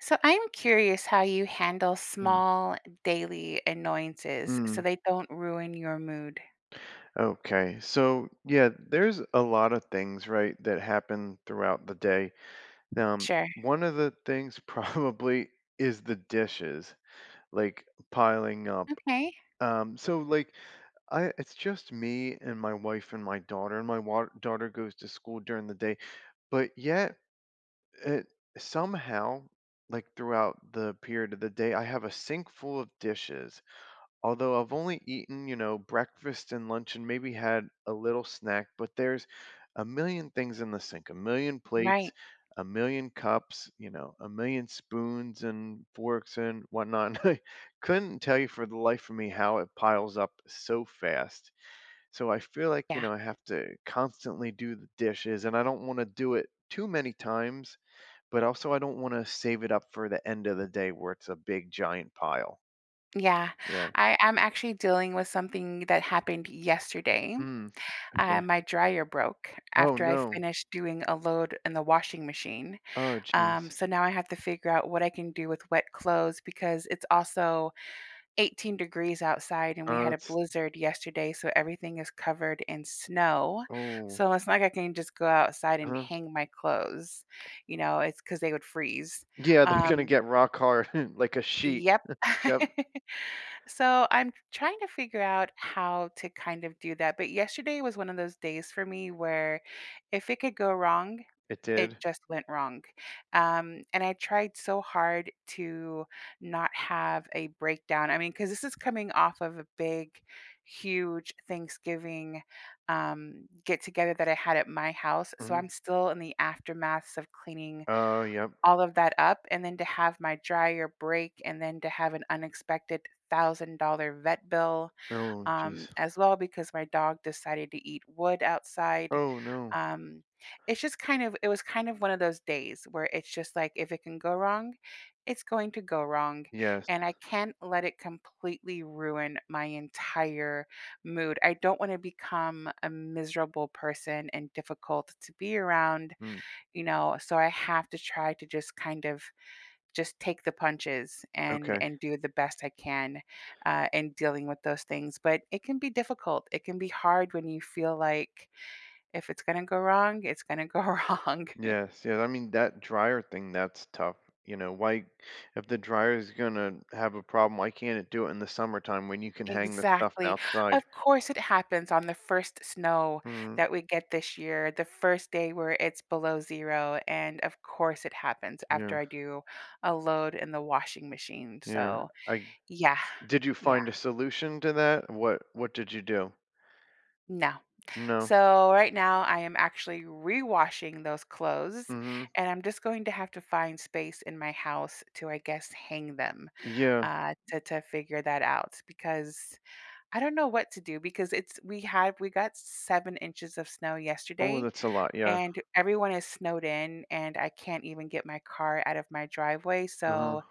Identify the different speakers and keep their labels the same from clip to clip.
Speaker 1: So, I'm curious how you handle
Speaker 2: Mm.
Speaker 1: small, daily, annoyances so
Speaker 2: Mm.
Speaker 1: they don't ruin your mood.
Speaker 2: Okay, so yeah, there's a lot of things, right, that happen throughout the day, n um,
Speaker 1: Sure.
Speaker 2: one of the things probably is the dishes, like, piling up,
Speaker 1: Okay.
Speaker 2: um, so, like, I it's just me and my wife, and my daughter, and my wa daughter goes to school during the day, but yet, it somehow, like, throughout the period of the day, I have a sink full of dishes, although I've only eaten, you know, breakfast and lunch and maybe had a little snack, but there's a million things in the sink a million plates,
Speaker 1: Right.
Speaker 2: a million cups, you know? A million spoons, and forks, and whatnot, and I couldn't tell you, for the life of me, how it piles up so fast, so, I feel like, you
Speaker 1: Yeah.
Speaker 2: know, I have to constantly do the dishes, and I don't wanna do it too many times, but, also, I don't wanna save it up for the end of the day where it's a big, giant pile.
Speaker 1: Yeah,
Speaker 2: Yeah.
Speaker 1: I I'm actually dealing with something that happened yesterday.
Speaker 2: Mm,
Speaker 1: Uh,
Speaker 2: okay.
Speaker 1: my dryer broke
Speaker 2: Oh,
Speaker 1: after I
Speaker 2: no.
Speaker 1: finished doing a load in the washing machine,
Speaker 2: Oh,
Speaker 1: um,
Speaker 2: jeez.
Speaker 1: so now I have to figure out what I can do with wet clothes because it's also 18 degrees outside, and we
Speaker 2: Oh,
Speaker 1: had a
Speaker 2: that's
Speaker 1: blizzard yesterday, so everything is covered in snow,
Speaker 2: Oh.
Speaker 1: so it's not like I can just go outside and
Speaker 2: Uh-huh.
Speaker 1: hang my clothes, you know? It's 'cause they would freeze,
Speaker 2: Yeah, they're
Speaker 1: um
Speaker 2: gonna get rock hard like a sheet.
Speaker 1: Yep.
Speaker 2: Yep.
Speaker 1: So, I'm t trying to figure out how to, kind of do that, but yesterday was one of those days for me, where if it could go wrong,
Speaker 2: It
Speaker 1: it
Speaker 2: did?
Speaker 1: just went wrong, um, and I tried so hard to not have a breakdown, I mean, 'cause this is coming off of a big, huge Thanksgiving, um, get-together that I had at my house, so I'm
Speaker 2: Mhm.
Speaker 1: still in the aftermaths of cleaning
Speaker 2: Oh, yep.
Speaker 1: all of that up and then to have my dryer break, and then to have an unexpected $1,000 vet bill,
Speaker 2: Oh,
Speaker 1: um,
Speaker 2: jeez.
Speaker 1: as well because my dog decided to eat wood outside,
Speaker 2: Oh, no.
Speaker 1: um, it's just kind of it was kind of one of those days where it's just like, if it can go wrong, it's going to go wrong, and
Speaker 2: Yes.
Speaker 1: I can't let it completely ruin my entire mood, I don't wanna become a miserable person and difficult to be around,
Speaker 2: Mm.
Speaker 1: you know? So, I have to try to just, kind of just take the punches and
Speaker 2: Okay.
Speaker 1: and do the best I can, uh, in dealing with those things, but it can be difficult, it can be hard when you feel like, if it's gonna go wrong, it's gonna go wrong.
Speaker 2: Yes yeah, I mean, that dryer thing, that's tough, you know, why if the dryer is gonna have a problem, why can't it do it in the summertime when you can hang the stuff
Speaker 1: Exactly, of
Speaker 2: outside?
Speaker 1: course it happens on the 1st snow
Speaker 2: Mm.
Speaker 1: that we get this year, the 1st day where it's below 0, and, of course, it happens
Speaker 2: Yeah.
Speaker 1: after I do a load in the washing machine,
Speaker 2: Yeah,
Speaker 1: so
Speaker 2: I
Speaker 1: yeah,
Speaker 2: did you
Speaker 1: yeah.
Speaker 2: find a solution to that? What what did you do?
Speaker 1: No.
Speaker 2: No.
Speaker 1: So, right now, I am actually rewashing those clothes,
Speaker 2: Mhm.
Speaker 1: and I'm just going to have to find space in my house to, I guess, hang them,
Speaker 2: Yeah.
Speaker 1: uh, to to figure that out because I don't know what to do because it's we had we got 7 inches of snow
Speaker 2: Ooh,
Speaker 1: yesterday,
Speaker 2: that's a lot, yeah.
Speaker 1: and everyone is snowed in, and I can't even get my car out of my driveway,
Speaker 2: Uh-huh.
Speaker 1: so,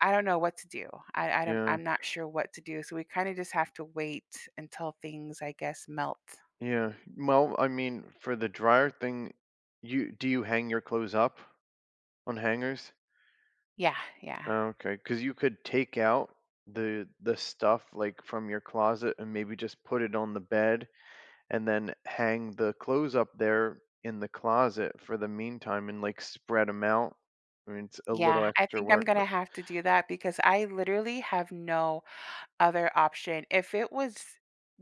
Speaker 1: I don't know what to do, I I don't
Speaker 2: Yeah.
Speaker 1: I'm not sure what to do, so we kinda just have to wait until things, I guess, melt.
Speaker 2: Yeah, well, I mean, for the dryer thing, you do you hang your clothes up? On hangers?
Speaker 1: Yeah, yeah.
Speaker 2: Oh, okay, 'cause you could take out the the stuff, like, from your closet and, maybe, just put it on the bed and then hang the clothes up there in the closet for the meantime and, like, spread 'em out. I mean, it's a little
Speaker 1: Yeah, I
Speaker 2: extra
Speaker 1: think I'm
Speaker 2: work,
Speaker 1: gonna
Speaker 2: but
Speaker 1: have to do that because I, literally, have no other option, if it was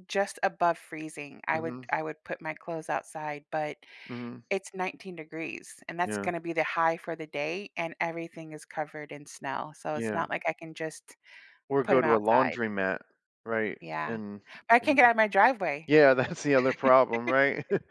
Speaker 1: just above freezing, I would
Speaker 2: Mhm.
Speaker 1: I would put my clothes outside, but
Speaker 2: Mhm.
Speaker 1: it's 19 degrees, and that's
Speaker 2: Yeah.
Speaker 1: gonna be the high for the day, and everything is covered in snow, so it's
Speaker 2: Yeah.
Speaker 1: not like I can just
Speaker 2: Or
Speaker 1: put
Speaker 2: go
Speaker 1: 'em
Speaker 2: to a
Speaker 1: outside.
Speaker 2: laundromat, right?
Speaker 1: Yeah,
Speaker 2: And
Speaker 1: but I can't get out of my driveway.
Speaker 2: Yeah, that's the other problem, right?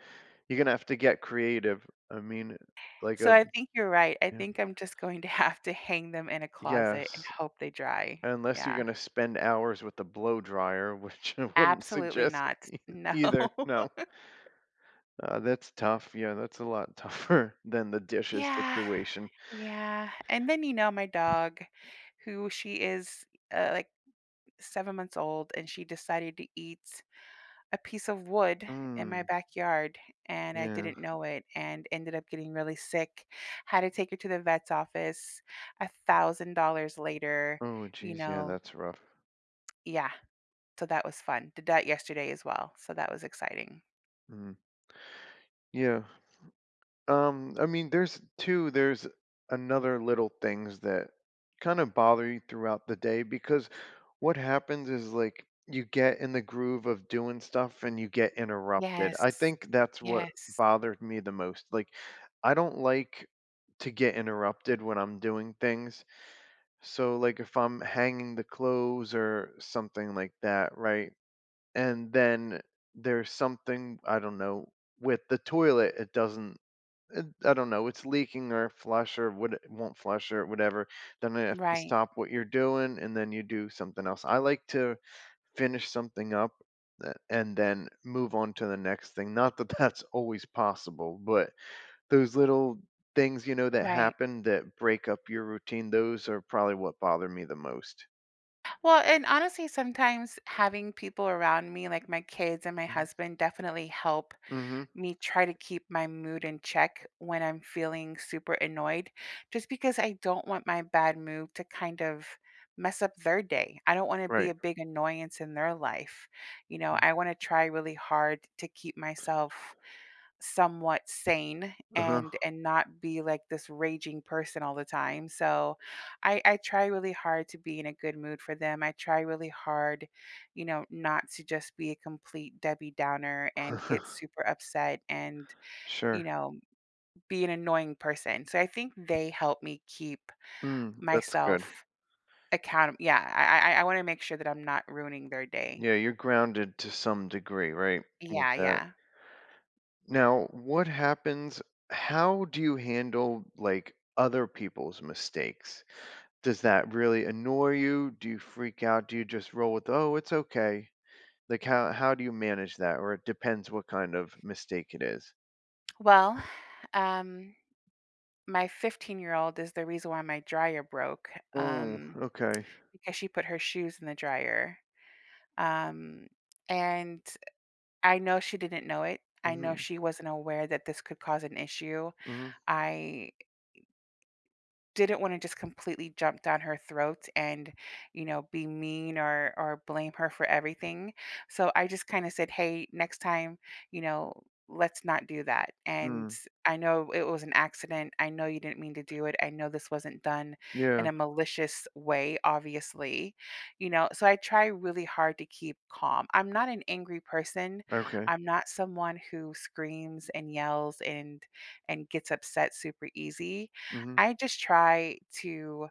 Speaker 2: You're gonna have to get creative, I mean, like,
Speaker 1: So, I
Speaker 2: um
Speaker 1: think you're right, I
Speaker 2: yeah.
Speaker 1: think I'm just going to have to hang them in a closet and
Speaker 2: Yes.
Speaker 1: hope they dry
Speaker 2: Unless you're
Speaker 1: yeah.
Speaker 2: gonna spend hours with the blow dryer, which I wouldn't
Speaker 1: Absolutely
Speaker 2: suggest
Speaker 1: no,
Speaker 2: ei
Speaker 1: no.
Speaker 2: either no. Uh, that's tough yeah, that's a lot tougher than the dishes
Speaker 1: Yeah,
Speaker 2: situation.
Speaker 1: yeah, and then, you know, my dog, who she is, uh, like, 7 months old, and she decided to eat a piece of wood in my
Speaker 2: Mm.
Speaker 1: backyard, and I
Speaker 2: Yeah.
Speaker 1: didn't know it and ended up getting really sick, had to take her to the vet's office $1,000 later,
Speaker 2: Oh,
Speaker 1: you
Speaker 2: jeez, yeah,
Speaker 1: know?
Speaker 2: that's rough.
Speaker 1: Yeah, so that was fun, did that yesterday, as well, so that was exciting.
Speaker 2: Mhm. Yeah. Um, I mean, there's 2, there's another little things that kinda bother you throughout the day because what happens is, like, you get in the groove of doing stuff and you get interrupted, I
Speaker 1: Yes.
Speaker 2: think that's what
Speaker 1: Yes.
Speaker 2: bothered me the most, like, I don't like to get interrupted when I'm doing things, so, like, if I'm hanging the clothes or something like that, right, and then there's something, I don't know, with the toilet, it doesn't, eh I don't know, it's leaking or flush or would won't flush or whatever, then I have to
Speaker 1: Right.
Speaker 2: stop what you're doing, and then you do something else, I like to finish something up a and then move on to the next thing, not that that's always possible, but those little things, you know, that
Speaker 1: Right.
Speaker 2: happen that break up your routine, those are probably what bother me the most.
Speaker 1: Well, and, honestly, sometimes having people around me, like my kids and my
Speaker 2: Mhm.
Speaker 1: husband, definitely help
Speaker 2: Mhm.
Speaker 1: me try to keep my mood in check when I'm feeling super annoyed, just because I don't want my bad mood to kind of mess up their day. I don't wanna be
Speaker 2: Right.
Speaker 1: a big annoyance in their life, you know? I wanna try really hard to keep myself somewhat sane
Speaker 2: Uh-huh.
Speaker 1: and and not be, like this raging person all the time, so, I I try really hard to be in a good mood for them. I try really hard, you know, not to just be a complete Debbie Downer and get super upset and, you
Speaker 2: Sure.
Speaker 1: know, be an annoying person, so I think they help me keep
Speaker 2: Mm, that's
Speaker 1: myself
Speaker 2: good.
Speaker 1: account Yeah, I I I I wanna make sure that I'm not ruining their day.
Speaker 2: Yeah, you're grounded to some degree, right, with
Speaker 1: Yeah,
Speaker 2: that.
Speaker 1: yeah.
Speaker 2: Now what happens how do you handle, like, other people's mistakes? Does that really annoy you, do you freak out, do you just roll with, "Oh, it's okay," like, how how do you manage that, or it depends what kind of mistake it is?
Speaker 1: Well, um, my fifteen-year-old is the reason why my dryer broke,
Speaker 2: Oh,
Speaker 1: um,
Speaker 2: okay.
Speaker 1: because she put her shoes in the dryer. Um, and eh, I know she didn't know it, I know
Speaker 2: Mhm.
Speaker 1: she wasn't aware that this could cause an issue.
Speaker 2: Mhm.
Speaker 1: I didn't wanna just completely jump down her throat and, you know, be mean or or blame her for everything, so I just, kinda said, "Hey, next time, you know, let's not do that, and
Speaker 2: Mm.
Speaker 1: I know it was an accident, I know you didn't mean to do it, I know this wasn't done in
Speaker 2: Yeah.
Speaker 1: a malicious way, obviously." You know? So I try really hard to keep calm, I'm not an angry person,
Speaker 2: Okay.
Speaker 1: I'm not someone who screams and yells and and gets upset super-easy,
Speaker 2: Mhm.
Speaker 1: I just try to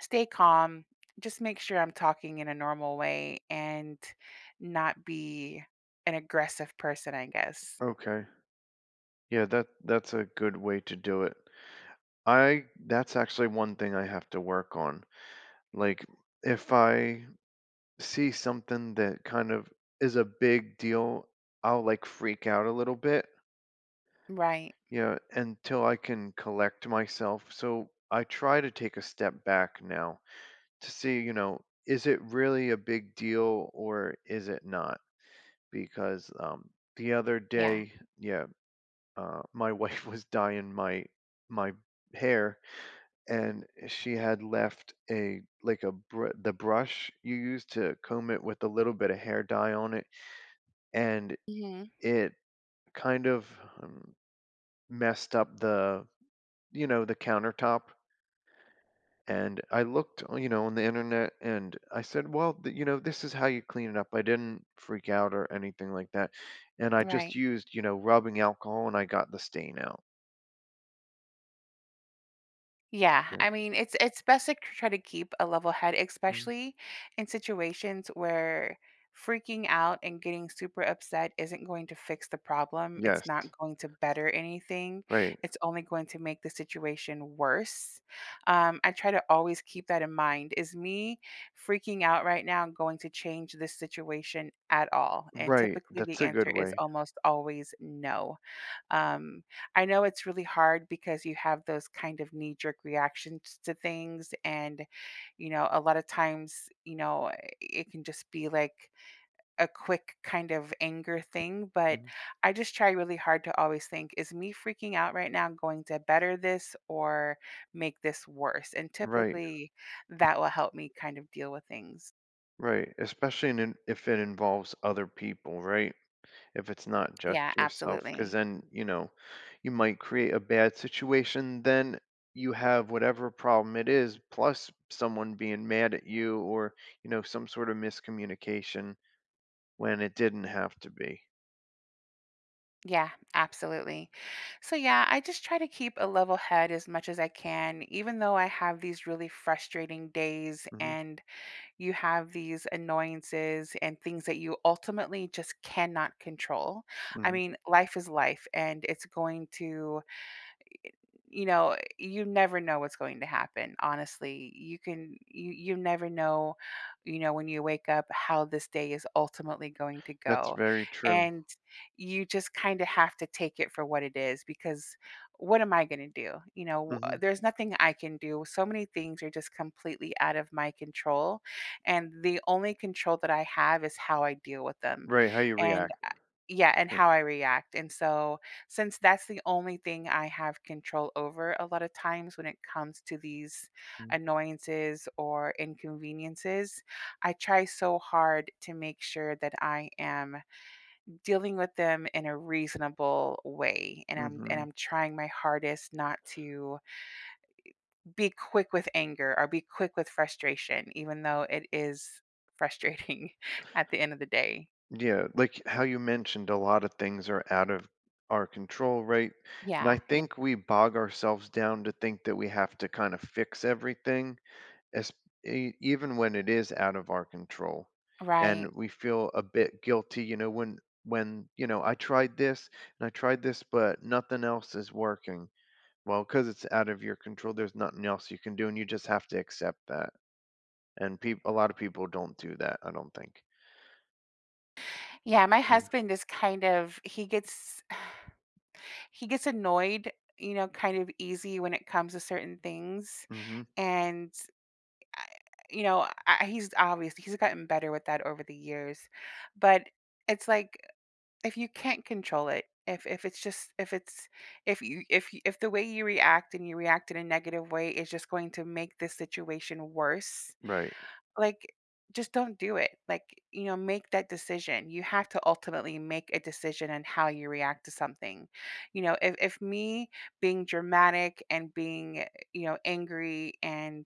Speaker 1: stay calm, just make sure I'm talking in a normal way, and not be an aggressive person, I guess.
Speaker 2: Okay. Yeah, that that's a good way to do it. I that's actually one thing I have to work on. Like, if I see something that, kind of is a big deal, I'll, like, freak out a little bit
Speaker 1: Right.
Speaker 2: yeah, until I can collect myself, so I try to take a step back now to see, you know, is it really a big deal or is it not? Because, um, the other
Speaker 1: Yeah.
Speaker 2: day Yeah, uh, my wife was dyeing my my hair, and she had left a like a br the brush you use to comb it, with a little bit of hair dye on it. And,
Speaker 1: Mhm.
Speaker 2: it kind of, hmm, messed up the you know, the countertop and I looked on you know, on the Internet, and I said, "Well, the" you know, "this is how you clean it up." I didn't freak out or anything like that, and I just
Speaker 1: Right.
Speaker 2: used, you know, rubbing alcohol, and I got the stain out.
Speaker 1: Yeah,
Speaker 2: Yeah.
Speaker 1: I mean, it's it's bes a chr try to keep a level head,
Speaker 2: Mhm.
Speaker 1: especially in situations where freaking out and getting super upset isn't going to fix the problem, it's not
Speaker 2: Yes.
Speaker 1: going to better anything,
Speaker 2: Right.
Speaker 1: it's only going to make the situation worse, um, I try to always keep that in mind, "Is me freaking out right now going to change this situation at all?" And
Speaker 2: Right,
Speaker 1: typically, the
Speaker 2: that's a good
Speaker 1: answer is
Speaker 2: way.
Speaker 1: almost always, "No," um, I know it's really hard because you have those kind of knee-jerk reactions to things, and, you know, a lotta times, you know, eh, it can just be, like, a quick kind of anger thing, but
Speaker 2: Mhm.
Speaker 1: I just try really hard to always think, "Is me freaking out right now going to better this or make this worse?" And
Speaker 2: Right.
Speaker 1: typically, that will help me kind of deal with things.
Speaker 2: Right, especially in if it involves other people, right? If it's not just
Speaker 1: Yeah,
Speaker 2: yourself, 'cause
Speaker 1: absolutely.
Speaker 2: then, you know, you might create a bad situation, then you have whatever problem it is plus someone being mad at you or, you know, some sort of miscommunication when it didn't have to be.
Speaker 1: Yeah, absolutely. So, yeah, I just try to keep a level head as much as I can, even though I have these really frustrating days
Speaker 2: Mhm.
Speaker 1: and you have these annoyances and things that you ultimately just cannot control. I
Speaker 2: Mhm.
Speaker 1: mean, life is life, and it's going to, eh, eh, you know, uh, you never know what's going to happen, honestly. You can you you never know, you know, when you wake up how this day is ultimately going to
Speaker 2: That's
Speaker 1: go.
Speaker 2: very true.
Speaker 1: And you just kinda have to take it for what it is because what am I gonna do? You know, uh,
Speaker 2: Mhm.
Speaker 1: there's nothing I can do, so many things are just completely out of my control, and the only control that I have is how I deal with them
Speaker 2: Right, how you
Speaker 1: and,
Speaker 2: react?
Speaker 1: uh yeah, and
Speaker 2: H
Speaker 1: how I react, and so, since that's the only thing I have control over a lotta times when it comes to these
Speaker 2: Hmm.
Speaker 1: annoyances or inconveniences, I try so hard to make sure that I am dealing with them in a reasonable way, and I'm and
Speaker 2: Mhm.
Speaker 1: I'm trying my hardest not to, eh, be quick with anger or be quick with frustration even though it is frustrating at the end of the day.
Speaker 2: Yeah, like, how you mentioned a lotta things are out of our control, right? And
Speaker 1: Yeah,
Speaker 2: I
Speaker 1: ye
Speaker 2: think we bog ourselves down to think that we have to kinda fix everything es e even when it is out of our control,
Speaker 1: Right.
Speaker 2: and we feel a bit guilty, you know, when when you know, "I tried this and I tried this, but nothing else is working." "Well, 'cause it's out of your control, there's nothing else you can do, and you just have to accept that." And peop a lotta people don't do that, I don't think.
Speaker 1: Yeah, my
Speaker 2: Mm.
Speaker 1: husband is kind of he gets he gets annoyed, you know, kind of easy when it comes to certain things,
Speaker 2: Mhm.
Speaker 1: and, I you know, I he's obvious he's gotten better with that over the years, but, it's like, if you can't control it, if if it's just if it's if you if you if the way you react and you react in a negative way is just going to make this situation worse,
Speaker 2: Right.
Speaker 1: like, just don't do it, like, you know, make that decision, you have to ultimately make a decision on how you react to something, you know, i if me being dramatic and being, you know, angry and,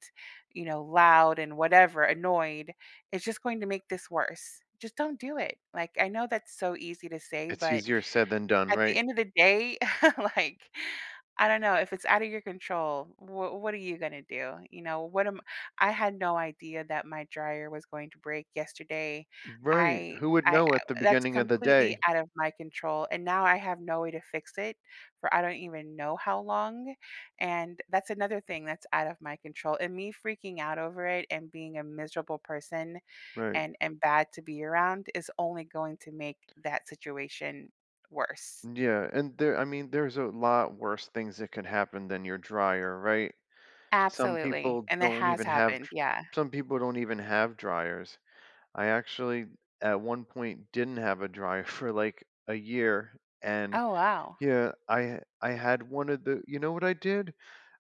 Speaker 1: you know, loud and whatever annoyed, it's just going to make this worse. Just don't do it, like, I know that's so easy to say,
Speaker 2: It's
Speaker 1: but
Speaker 2: easier said than done,
Speaker 1: at the
Speaker 2: right?
Speaker 1: end of the day, like I don't know, if it's outta your control, w what are you gonna do? You know? What am I had no idea that my dryer was going to break yesterday,
Speaker 2: Right.
Speaker 1: I
Speaker 2: Who would
Speaker 1: I I
Speaker 2: know at the
Speaker 1: that's
Speaker 2: beginning of the
Speaker 1: completely
Speaker 2: day?
Speaker 1: out of my control, and now I have no way to fix it for I don't even know how long, and that's another thing that's out of my control, and me freaking out over it and being a miserable person,
Speaker 2: Right.
Speaker 1: and and bad to be around is only going to make that situation worse.
Speaker 2: Yeah, and there I mean, there's a lot worse things that could happen than your dryer, right? Some
Speaker 1: Absolutely,
Speaker 2: people
Speaker 1: and it
Speaker 2: don't
Speaker 1: has
Speaker 2: even have
Speaker 1: happened,
Speaker 2: dr
Speaker 1: yeah.
Speaker 2: some people don't even have dryers. I actually, at one point, didn't have a dryer for, like, a year, and
Speaker 1: Oh, wow.
Speaker 2: yeah, I ha I had one of the you know what I did?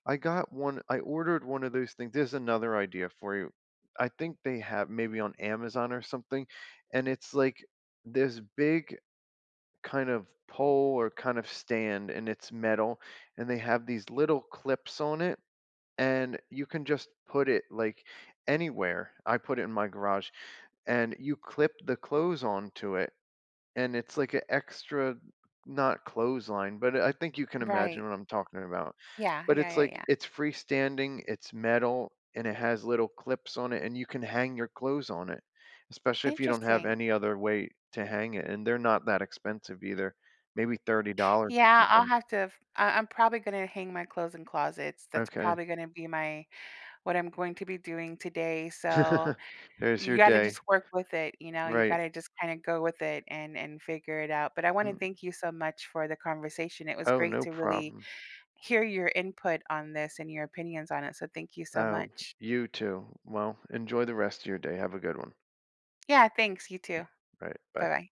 Speaker 2: I got one I ordered one of those things there's another idea for you. I think they ha maybe on Amazon or something, and it's like this big kind of pole or kind of stand, and it's metal, and they have these little clips on it, and you can just put it, like, anywhere- I put it in my garage- and you clip the clothes onto it, and it's like a extra- not clothesline- but I think you can
Speaker 1: Right.
Speaker 2: imagine what I'm talking about,
Speaker 1: Yeah.
Speaker 2: but
Speaker 1: Yeah,
Speaker 2: it's,
Speaker 1: yeah,
Speaker 2: like
Speaker 1: yeah.
Speaker 2: it's freestanding, it's metal, and it has little clips on it, and you can hang your clothes on it, especially if you don't have
Speaker 1: Interesting.
Speaker 2: any other way to hang it, and they're not that expensive either, maybe $30 or
Speaker 1: Yeah, I'll
Speaker 2: something.
Speaker 1: have to f I I'm probably gonna hang my clothes in closets, that's
Speaker 2: Okay.
Speaker 1: probably gonna be my what I'm going to be doing today, so,
Speaker 2: There's
Speaker 1: you
Speaker 2: your
Speaker 1: gotta
Speaker 2: day.
Speaker 1: just work with it, you know? You
Speaker 2: Right.
Speaker 1: gotta just kinda go with it and and figure it out, but I wanna
Speaker 2: Hmm.
Speaker 1: thank you so much for the conversation, it was
Speaker 2: Oh,
Speaker 1: great
Speaker 2: no
Speaker 1: to really
Speaker 2: problem.
Speaker 1: hear your input on this and your opinions on it, so thank you so
Speaker 2: Oh,
Speaker 1: much.
Speaker 2: you too. Well, enjoy the rest of your day, have a good one.
Speaker 1: Yeah, thanks, you too.
Speaker 2: Right, bye.
Speaker 1: Bye-bye.